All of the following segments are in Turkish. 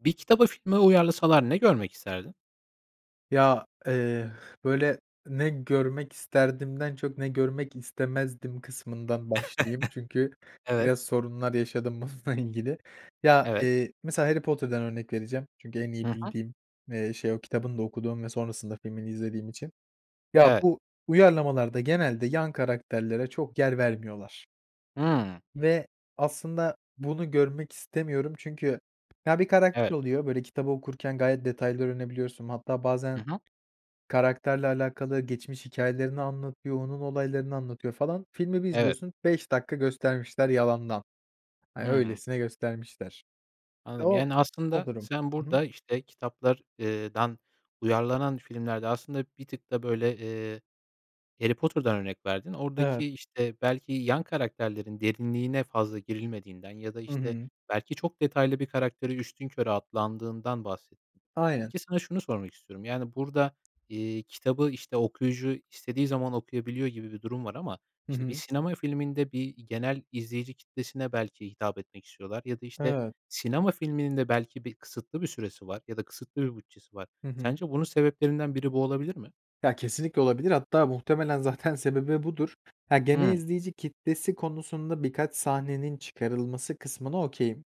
Bir kitabı filme uyarlasalar ne görmek isterdin? Ya, eee, böyle, ne görmek isterdimden çok ne görmek istemezdim kısmından başlayayım. Çünkü Evet. biraz sorunlar yaşadım bununla ilgili. Ya, Evet. eee, mesela Harry Potter'dan örnek vereceğim. Çünkü en iyi Hı hı. bildiğim, eee, şey, o kitabını da okuduğum ve sonrasında filmini izlediğim için. Ya, Evet. bu uyarlamalarda genelde yan karakterlere çok yer vermiyorlar. Hıı. Ve aslında bunu görmek istemiyorum çünkü, ya, bir karakter Evet. oluyor, böyle, kitabı okurken gayet detayları öğrenebiliyorsun, hatta Hı bazen hı. karakterle alakalı geçmiş hikâyelerini anlatıyor, onun olaylarını anlatıyor, falan. Filmi bir Evet. izliyorsun, 5 dakika göstermişler, yalandan, hani, Hı. öylesine göstermişler. Anladım, O yani, o aslında durum. sen Hı hı. burada, işte, kitaplar eee, dan uyarlanan filmlerde aslında bir tık da, böyle, eee, Harry Potter'dan örnek verdin. Oradaki, Evet. işte, belki yan karakterlerin derinliğine fazla girilmediğinden ya da, Hı işte, hı. belki çok detaylı bir karakteri üstünkörü atlandığından bahsettin. Aynen. Peki, sana şunu sormak istiyorum, yani, burada, iii, kitabı, işte, okuyucu istediği zaman okuyabiliyor gibi bir durum var ama, Hı işte, bir hı. sinema filminde, bir genel izleyici kitlesine belki hitap etmek istiyorlar ya da, işte, Evet. sinema filminin de belki, bir, kısıtlı bir süresi var ya da kısıtlı bir bütçesi var. Hı hı. Sence bunun sebeplerinden biri bu olabilir mi? Ya, kesinlikle olabilir, hatta muhtemelen zaten sebebi budur. Ha, genel Hıı. izleyici kitlesi konusunda birkaç sahnenin çıkarılması kısmına okay'im.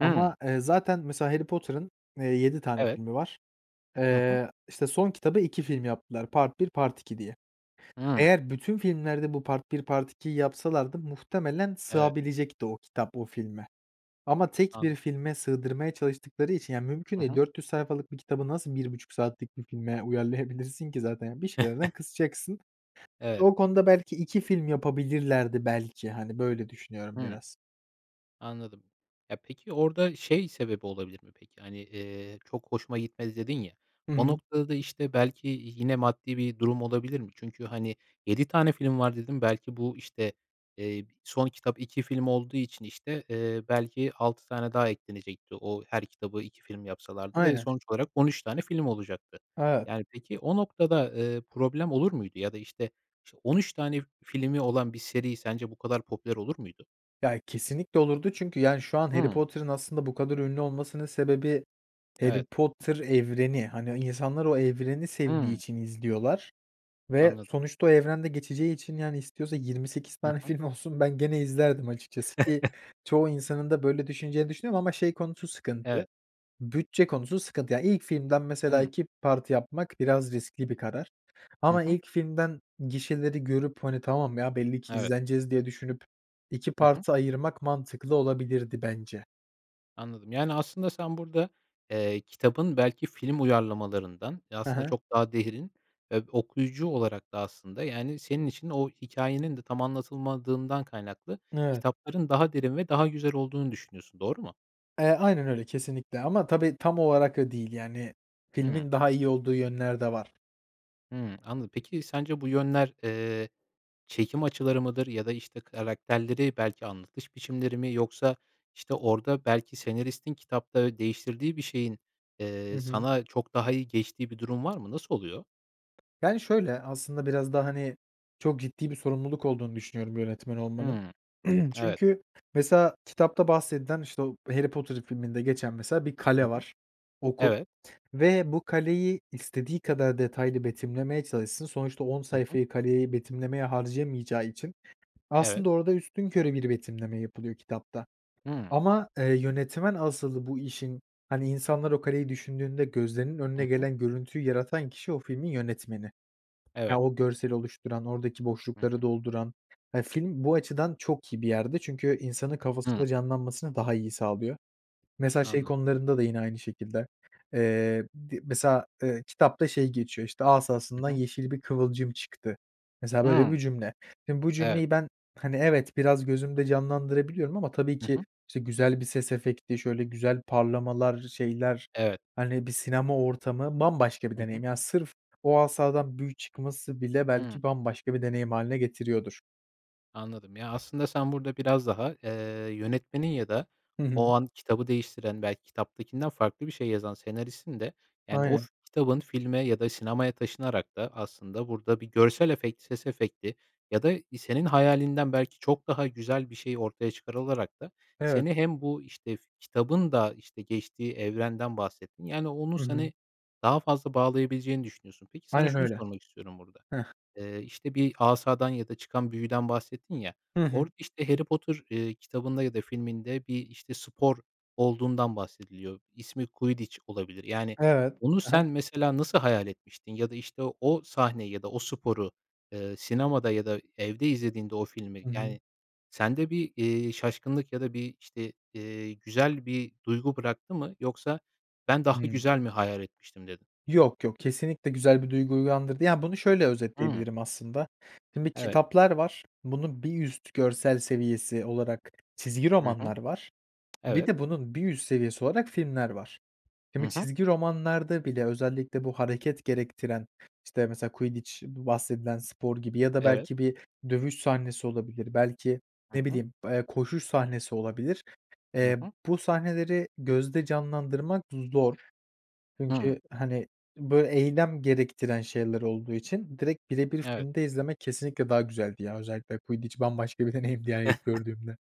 Hıı. eee, zaten mesela Harry Potter'ın, eee, 7 tane Evet. filmi var. Hı hı. Eee, işte, son kitabı 2 film yaptılar. Part 1, part 2 diye. Hıı. Eğer bütün filmlerde bu part 1, part 2'yi yapsalardı muhtemelen Evet. sığabilecekti o kitap, o filme. Ama tek bir Anladım. filme sığdırmaya çalıştıkları için, yani, mümkün Hı değil, hı. 400 sayfalık bir kitabı nasıl 1.30 saatlik bir filme uyarlayabilirsin ki zaten, yani, bir şeylerden kısacaksın. Evet. O konuda belki 2 film yapabilirlerdi, belki, hani, böyle düşünüyorum Hı. biraz. Anladım. Ya, peki, orada şey sebebi olabilir mi, peki, hani, eee, "çok hoşuma gitmedi" dedin ya, Hı o hı. noktada da, işte, belki yine maddi bir durum olabilir mi? Çünkü, hani, 7 tane film var dedin, belki bu, işte, eee, son kitap 2 film olduğu için, işte, eee, belki 6 tane daha eklenecekti, o her kitabı 2 film yapsalardı ve Aynen. sonuç olarak 13 tane film olacaktı. Evet. Yani, peki, o noktada, eee, problem olur muydu ya da, işte, iş 13 tane filmi olan bir seri sence bu kadar popüler olur muydu? Ya, kesinlikle olurdu çünkü, yani, şu an Harry Hıı. Potter'ın aslında bu kadar ünlü olmasının sebebi, Harry Evet. Potter evreni. Hani, insanlar o evreni sevdiği Hıı. için izliyorlar ve Anladım. sonuçta o evrende geçeceği için, yani, istiyorsa 28 Hı tane hı. film olsun, ben gene izlerdim açıkçası, ki çoğu insanın da böyle düşüneceğini düşünüyorum ama, şey, konusu sıkıntı, Evet. bütçe konusu sıkıntı. Yani, ilk filmden, mesela, Hıı. 2 parti yapmak biraz riskli bir karar Hı ama hı. ilk filmden gişeleri görüp, hani, tamam, ya, belli ki Evet. izleneceğiz diye düşünüp, 2 Hı hı. part'a ayırmak mantıklı olabilirdi bence. Anladım, yani, aslında sen burada, eee, kitabın belki film uyarlamalarından, ya, He aslında he. çok daha derin ve okuyucu olarak da aslında, yani, senin için o hikâyenin de tam anlatılmadığından kaynaklı, Evet. kitapların daha derin ve daha güzel olduğunu düşünüyorsun, doğru mu? Eee, aynen öyle, kesinlikle ama tabii tam olarak o değil, yani, Hıı. filmin daha iyi olduğu yönler de var. Hı. Anladım. Peki, sence bu yönler, eee, çekim açıları mıdır ya da, işte, karakterleri, belki, anlatış biçimleri mi yoksa, işte, orada belki senaristin kitapta değiştirdiği bir şeyin, Hı eee, hı. sana çok daha iyi geçtiği bir durum var mı? Nasıl oluyor? Yani, şöyle, aslında biraz da, hani, çok ciddi bir sorumluluk olduğunu düşünüyorum yönetmen olmanın. Hıı. Evet. Çünkü, mesela, kitapta bahsedilen, işte, o Harry Potter filminde geçen, mesela, bir Hı kale hı. var, okul Evet. ve bu kaleyi istediği kadar detaylı betimlemeye çalışsın, sonuçta 10 Hı hı. sayfayı kaleyi betimlemeye harcayamayacağı için Evet. aslında orada üstünkörü bir betimleme yapılıyor kitapta Hıı. ama, eee, yönetmen asıl bu işin, hani, insanlar o kaleyi düşündüğünde gözlerinin Hı önüne hı. gelen görüntüyü yaratan kişi, o filmin yönetmeni. Ya, Evet. o görseli oluşturan, oradaki Hı hı. boşlukları dolduran ya, film bu açıdan çok iyi bir yerde çünkü insanın Hı. kafasında canlanmasını daha iyi sağlıyor. Mesela şey Anladım. konularında da yine aynı şekilde, eee, di mesela, eee, kitapta şey geçiyor, işte, asasından Hı hı. yeşil bir kıvılcım çıktı. Mesela, böyle Hıı. bir cümle, şimdi bu Evet. cümleyi ben, hani, evet, biraz gözümde canlandırabiliyorum ama tabii Hı ki, hı. işte, güzel bir ses efekti, şöyle, güzel parlamalar, şeyler, Evet. hani, bir sinema ortamı bambaşka bir Hı hı. deneyim. Yani, sırf o asadan büyü çıkması bile Hı. belki bambaşka bir deneyim hâline getiriyordur. Anladım. Ya, aslında sen burada biraz daha, eee, yönetmenin ya da Hı o hı. an kitabı değiştiren, belki kitaptakinden farklı bir şey yazan senaristin de, yani, o Aynen. fi kitabın filme ya da sinemaya taşınarak da aslında burada bir görsel efekt, ses efekti ya da senin hayalinden belki çok daha güzel bir şey ortaya çıkarılarak da Evet. seni hem bu, işte, fi kitabın da, işte, geçtiği evrenden bahsettin, yani, onun Hı hı. seni daha fazla bağlayabileceğini düşünüyorsun. Peki, sana Aynen şunu öyle. sormak istiyorum burada: Heh. Eee, işte, bir asadan ya da çıkan büyüden bahsettin ya, Hı hı. orada, işte, Harry Potter, eee, kitabında ya da filminde bir, işte, spor olduğundan bahsediliyor. İsmi Quidditch olabilir. Yani Evet. onu Hı hı. sen mesela nasıl hayal etmiştin ya da işte, o sahneyi ya da o sporu, eee, sinemada ya da evde izlediğinde o filmi, Hı hı. yani, sende bir, eee, şaşkınlık ya da bir, işte, eee, güzel bir duygu bıraktı mı yoksa, “Ben daha Hıı. güzel mi hayal etmiştim?” dedin. Yok, yok. Kesinlikle güzel bir duygu uyandırdı. Ya, bunu şöyle Hı. özetleyebilirim aslında. Şimdi Evet. kitaplar var. Bunun bir üst görsel seviyesi olarak çizgi Hı hı. romanlar var. Bir Evet. de bunun bir üst seviyesi olarak filmler var. Hı Şimdi, hı. çizgi romanlarda bile özellikle bu hareket gerektiren, işte, mesela Quidditch, bu bahsedilen spor gibi ya da Evet. belki bir dövüş sahnesi olabilir, belki, Hı ne hı. bileyim, eee, koşuş sahnesi olabilir. Hı Eee, hı. bu sahneleri gözde canlandırmak zor. Hı. Çünkü hani, böyle, eylem gerektiren şeyler olduğu için direkt bire bir Evet. filmde izlemek kesinlikle daha güzeldi. Yani, özellikle Quidditch bambaşka bir deneyimdi, yani, ilk gördüğümde.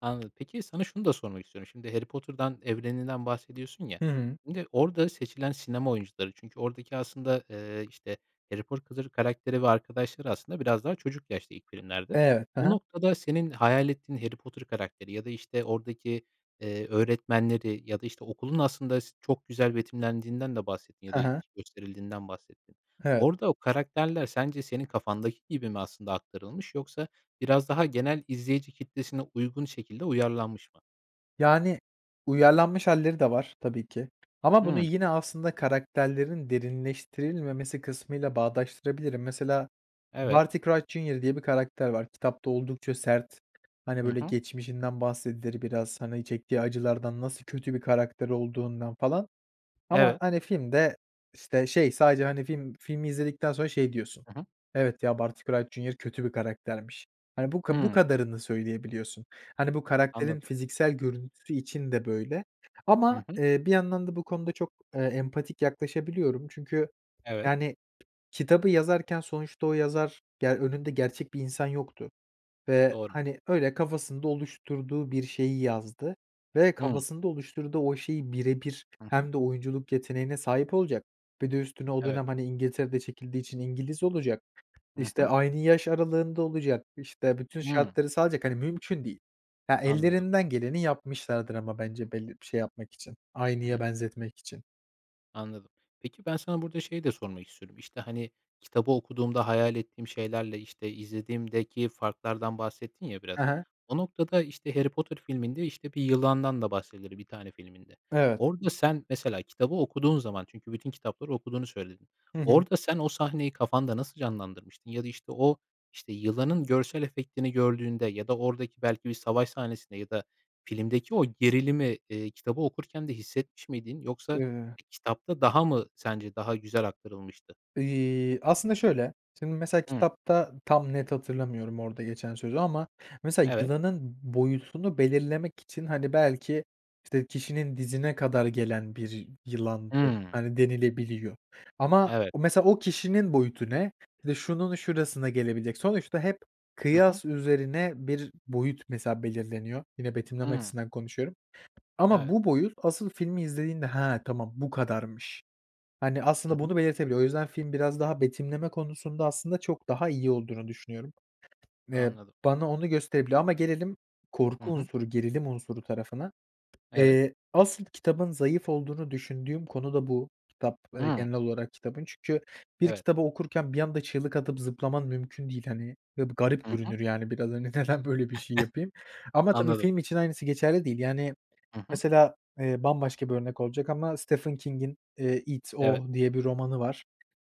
Anladım. Peki, sana şunu da sormak istiyorum. Şimdi, Harry Potter'dan, evreninden bahsediyorsun, ya, Hı hı. şimdi orada seçilen sinema oyuncuları, çünkü oradaki aslında, eee, işte, Harry Porkılır karakteri ve arkadaşları aslında biraz daha çocuk yaşta ilk filmlerde. Evet. Hı Bu hı. noktada, senin hayal ettiğin Harry Potter karakteri ya da, işte, oradaki, eee, öğretmenleri ya da, işte, okulun aslında, s çok güzel betimlendiğinden de bahsettin ya Hı da hı. gösterildiğinden bahsettin. Evet. Orada o karakterler sence senin kafandaki gibi mi, aslında, aktarılmış yoksa biraz daha genel izleyici kitlesine uygun şekilde uyarlanmış mı? Yani, uyarlanmış hâlleri de var, tabii ki, ama bunu Hımm. yine, aslında, karakterlerin derinleştirilmemesi kısmıyla bağdaştırabilirim. Mesela, Evet. Barty Crouch Jr. diye bir karakter var. Kitapta oldukça sert, hani, Hı böyle, hı. geçmişinden bahsedilir biraz, hani, çektiği acılardan, nasıl kötü bir karakter olduğundan, falan, ama, Evet. hani, filmde, işte, şey, sadece, hani, film filmi izledikten sonra, şey, diyorsun, Hı hı. "Evet ya, Barty Crouch Jr. kötü bir karaktermiş." Hani, bu bu Hımm. kadarını söyleyebiliyorsun. Hani, bu Anladım. karakterin fiziksel görüntüsü için de, böyle, Hı ama, hı. eee, bir yandan da bu konuda çok, eee, empatik yaklaşabiliyorum. Çünkü, Evet. yani, kitabı yazarken sonuçta o yazar, ge önünde gerçek bir insan yoktu ve, Doğru. hani, öyle kafasında oluşturduğu bir şeyi yazdı ve Hımm. kafasında oluşturduğu o şeyi bire bir, Hı hı. hem de oyunculuk yeteneğine sahip olacak ve de üstüne o Evet. dönem, hani, İngiltere'de çekildiği için İngiliz olacak, Hı işte, hı. aynı yaş aralığında olacak, işte, bütün Hımm. şartları sağlayacak, hani, mümkün değil. Ya, Anladım. ellerinden geleni yapmışlardır ama, bence, belli bir şey yapmak için, Hı aynıya hı. benzetmek için. Anladım. Peki, ben, sana burada şeyi de sormak istiyorum. İşte, hani, kitabı okuduğumda hayal ettiğim şeylerle, işte, izlediğimdeki farklardan bahsettin ya Hı biraz. hı. O noktada, işte, Harry Potter filminde, işte, bir yılandan da bahsedilir bir tane filminde. Evet. Orada sen, mesela kitabı okuduğun zaman, çünkü bütün kitapları okuduğunu söyledin, Hı hı. orada sen, o sahneyi kafanda nasıl canlandırmıştın ya da, işte, o, işte, yılanın görsel efektini gördüğünde ya da oradaki belki bir savaş sahnesinde ya da filmdeki o gerilimi, eee, kitabı okurken de hissetmiş miydin yoksa Iıı kitapta daha mı sence daha güzel aktarılmıştı? İii, aslında şöyle; şimdi mesela Hıı. kitapta tam net hatırlamıyorum orada geçen sözü ama mesela Evet. yılanın boyutunu belirlemek için, hani, belki, işte, kişinin dizine kadar gelen bir yılandı, Hıı. hani, denilebiliyor. Ama Evet. mesela o kişinin boyutu ne, işte, şunun şurasına gelebilecek. Sonuçta hep Hı hı. kıyas üzerine bir boyut mesela belirleniyor, yine betimleme Hıı. açısından konuşuyorum. Ama Evet. bu boyut asıl filmi izlediğinde, "Hıı, tamam bu kadarmış." Hani, Hı aslında hı. bunu belirtebiliyor. O yüzden film biraz daha betimleme konusunda aslında çok daha iyi olduğunu düşünüyorum. Eee, Anladım. bana onu gösterebiliyor ama gelelim Hı korku hı. unsuru, gerilim unsuru tarafına. Evet. Eee, asıl kitabın zayıf olduğunu düşündüğüm konu da bu, kitap Hıı. genel olarak kitabın. Çünkü bir Evet. kitabı okurken bir anda çığlık atıp zıplaman mümkün değil, hani, ve bu garip Hı hı. görünür, yani, biraz, hani, neden böyle bir şey yapayım? Ama tabii Anladım. film için aynısı geçerli değil. Yani, Hı hı. mesela, eee, bambaşka bir örnek olacak ama Stephen King'in, eee, It, Evet. O diye bir romanı var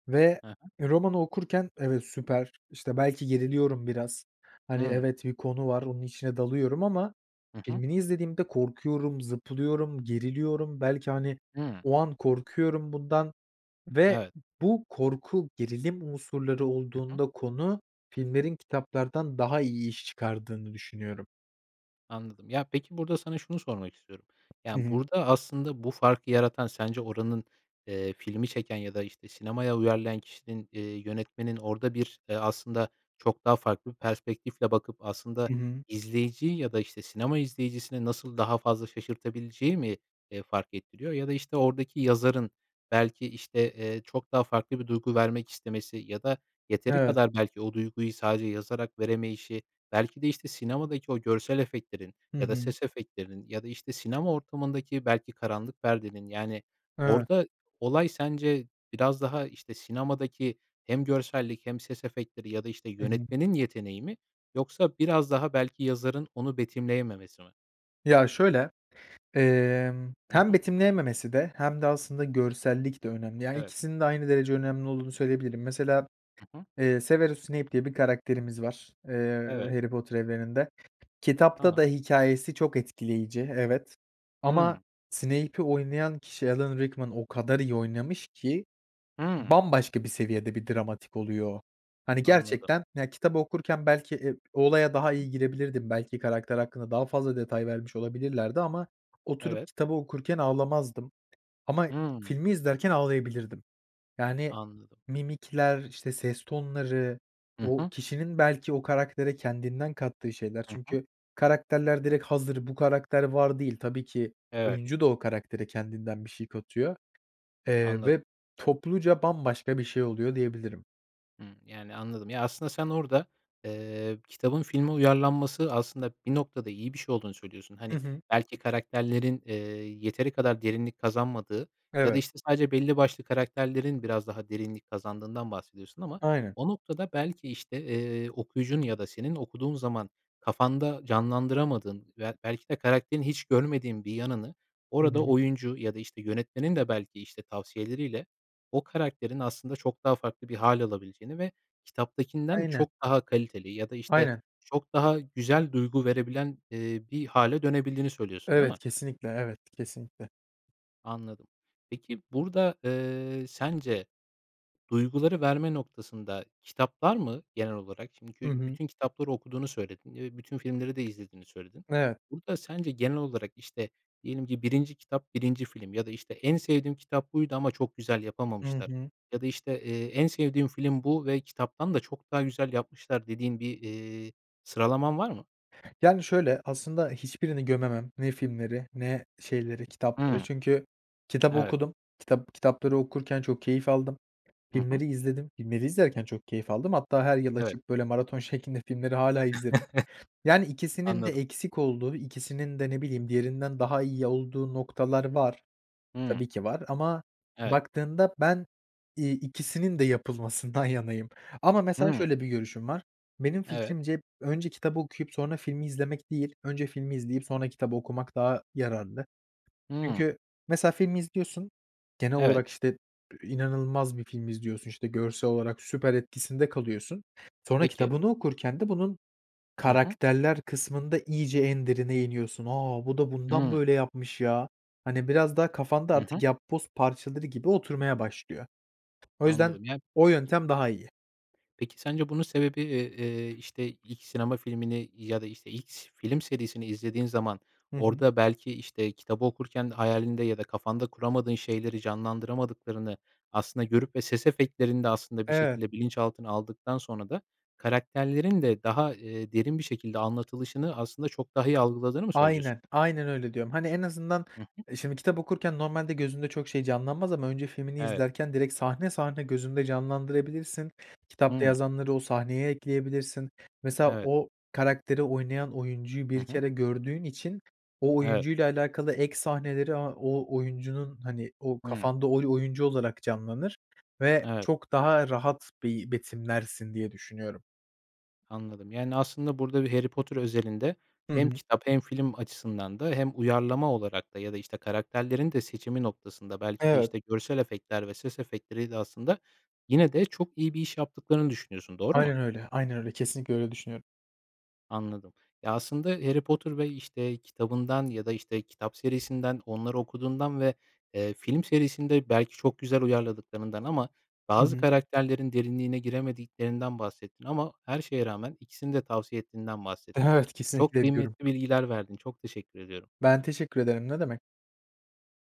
ve Hı hı. romanı okurken evet, süper, işte, belki geriliyorum biraz, hani, Hıı. evet, bir konu var onun içine dalıyorum ama Hı hı. filmini izlediğimde korkuyorum, zıplıyorum, geriliyorum belki, hani, Hıı. o an korkuyorum bundan. Ve Evet. bu korku, gerilim unsurları Hı hı. olduğunda konu filmlerin kitaplardan daha iyi iş çıkardığını düşünüyorum. Anladım. Ya, peki, burada sana şunu sormak istiyorum. Hı Yani, hı. burada, aslında, bu farkı yaratan sence oranın, eee, filmi çeken ya da, işte, sinemaya uyarlayan kişinin, eee, yönetmenin orada bir, eee, aslında, çok daha farklı bir perspektifle bakıp, aslında, Hı hı. izleyiciyi ya da, işte, sinema izleyicisini nasıl daha fazla şaşırtabileceği mi, eee, fark ettiriyor? Ya da, işte, oradaki yazarın belki, işte, eee, çok daha farklı bir duygu vermek istemesi ya da yeteri Evet. kadar belki o duyguyu sadece yazarak veremeyişi, belki de, işte, sinemadaki o görsel efektlerin Hı ya da hı. ses efektlerinin ya da, işte, sinema ortamındaki belki karanlık perdenin, yani, Evet. orada olay sence biraz daha, işte, sinemadaki hem görsellik hem ses efektleri ya da, işte, Hı hı. yönetmenin yeteneği mi yoksa biraz daha belki yazarın onu betimleyememesi mi? Ya, şöyle. Emm, Hı hem hı. betimleyememesi de hem de, aslında, görsellik de önemli. Yani, Evet. ikisinin de aynı derece önemli olduğunu söyleyebilirim. Mesela, Hı hı. eee, Severus Snape diye bir karakterimiz var, eee, Evet. Harry Potter evreninde. Kitapta da Tamam. hikâyesi çok etkileyici, evet. Ama Hıı. Snape'i oynayan kişi Alan Rickman o kadar iyi oynamış ki Hıı. bambaşka bir seviyede bir dramatik oluyor o. Hani, Anladım. gerçekten, ya, kitabı okurken belki, eee, o olaya daha iyi girebilirdim, belki karakter hakkında daha fazla detay vermiş olabilirlerdi ama oturup Evet. kitabı okurken ağlamazdım. Ama Hıı. filmi izlerken ağlayabilirdim. Yani, Anladım. mimikler, işte, ses tonları, Hı o hı. kişinin belki o karaktere kendinden kattığı şeyler. Hı hı. Çünkü karakterler direkt hazır, "Bu karakter var." değil. Tabii ki Evet. oyuncu da o karaktere kendinden bir şey katıyor, eee, Anladım. ve topluca bambaşka bir şey oluyor diyebilirim. Hımm, yani, anladım. Ya, aslında, sen orada, eee, kitabın filme uyarlanması, aslında, bir noktada iyi bir şey olduğunu söylüyorsun. Hı Hani, hı. belki, karakterlerin, eee, yeteri kadar derinlik kazanmadığı ya da, Evet. işte, sadece belli başlı karakterlerin biraz daha derinlik kazandığından bahsediyorsun ama Aynen. o noktada, belki, işte, eee, okuyucunun ya da senin okuduğun zaman kafanda canlandıramadığın veya, belki de, karakterin hiç görmediğin bir yanını Hı orada hı. oyuncu ya da, işte, yönetmenin de, belki, işte, tavsiyeleriyle o karakterin, aslında, çok daha farklı bir hâl alabileceğini ve kitaptakinden Aynen. çok daha kaliteli ya da, işte, Aynen. çok daha güzel duygu verebilen, eee, bir hâle dönebildiğini söylüyorsun, değil Evet, mi? kesinlikle, evet, kesinlikle. Anladım. Peki, burada, eee, sence duyguları verme noktasında kitaplar mı genel olarak? Hı Çünkü hı. bütün kitapları okuduğunu söyledin ve bütün filmleri de izlediğini söyledin. Evet. Burada sence genel olarak, işte, diyelim ki, 1'inci kitap, 1'inci film ya da, işte, "En sevdiğim kitap buydu ama çok güzel Hı yapamamışlar." hı. ya da, eee, işte, "En sevdiğim film bu ve kitaptan da çok daha güzel yapmışlar." dediğin bir, iii, sıralaman var mı? Yani, şöyle, aslında, hiçbirini gömemem. Ne filmleri ne şeyleri, kitapları, Hıı. çünkü kitabı Evet. okudum. Kitap kitapları okurken çok keyif aldım, Hı hı. filmleri izledim, filmleri izlerken çok keyif aldım. Hatta her yıl Evet. açıp, böyle, maraton şeklinde filmleri hâlâ izlerim. Yani, ikisinin de Anladım. eksik olduğu, ikisinin de, ne bileyim, diğerinden daha iyi olduğu noktalar var. Hıı. Tabii ki, var ama Evet. baktığında ben, iii, ikisinin de yapılmasından yanayım ama, mesela, Hıı. şöyle bir görüşüm var, benim Evet. fikrimce önce kitabı okuyup sonra filmi izlemek değil, önce filmi izleyip sonra kitabı okumak daha yararlı. Hıı. Çünkü, mesela, filmi izliyorsun, genel Evet. olarak, işte, inanılmaz bir film izliyorsun. İşte, görsel olarak süper, etkisinde kalıyorsun. Sonra Peki. kitabını okurken de bunun Hı hı. karakterler kısmında iyice en derine iniyorsun. "A, bu da bundan Hıı. böyle yapmış ya!" Hani, biraz daha kafanda Hı hı. artık yapboz parçaları gibi oturmaya başlıyor. O yüzden Anladım, ya o yöntem daha iyi. peki, sence bunun sebebi, eee, eee, işte, ilk sinema filmini ya da, işte, X film serisini izlediğin zaman Hı hı. orada, belki, işte, kitabı okurken hayalinde ya da kafanda kuramadığın şeyleri canlandıramadıklarını, aslında, görüp ve ses efektlerinde, aslında, bir Evet. şekilde bilinçaltına aldıktan sonra da karakterlerin de daha, eee, derin bir şekilde anlatılışını, aslında, çok daha iyi algıladığını mı söylüyorsun? Aynen, aynen öyle diyorum. Hani, en azından, Hı hı. şimdi, kitap okurken normalde gözünde çok şey canlanmaz ama önce filmini Evet. izlerken direkt sahne, sahne gözünde canlandırabilirsin. Kitapta Hıı. yazanları o sahneye ekleyebilirsin. Mesela, Evet. o karakteri oynayan oyuncuyu Hı 1 hı. kere gördüğün için o Evet. oyuncuyla alakalı ek sahneleri, a o o oyuncunun, hani, o Hıı. kafanda, oyu oyuncu olarak canlanır ve Evet. çok daha rahat, beyi betimlersin diye düşünüyorum. Anladım. Yani, aslında, burada bir Harry Potter özelinde Hı hem hı. kitap hem film açısından da hem uyarlama olarak da ya da, işte, karakterlerin de seçimi noktasında, belki de, Evet. işte, görsel efektler ve ses efektleriyle, aslında, yine de çok iyi bir iş yaptıklarını düşünüyorsun, doğru mu? Aynen öyle, aynen öyle, kesinlikle öyle düşünüyorum. Anladım. Ya, aslında, Harry Potter ve, işte, kitabından ya da, işte, kitap serisinden, onları okuduğundan ve, eee, film serisinde, belki, çok güzel uyarladıklarından ama Hı bazı hı. karakterlerin derinliğine giremediklerinden bahsettin ama her şeye rağmen ikisini de tavsiye ettiğinden bahsettin. Evet, Çok kesinlikle ediyorum. kıymetli bilgiler verdin. Çok teşekkür ediyorum. Ben teşekkür ederim, ne demek.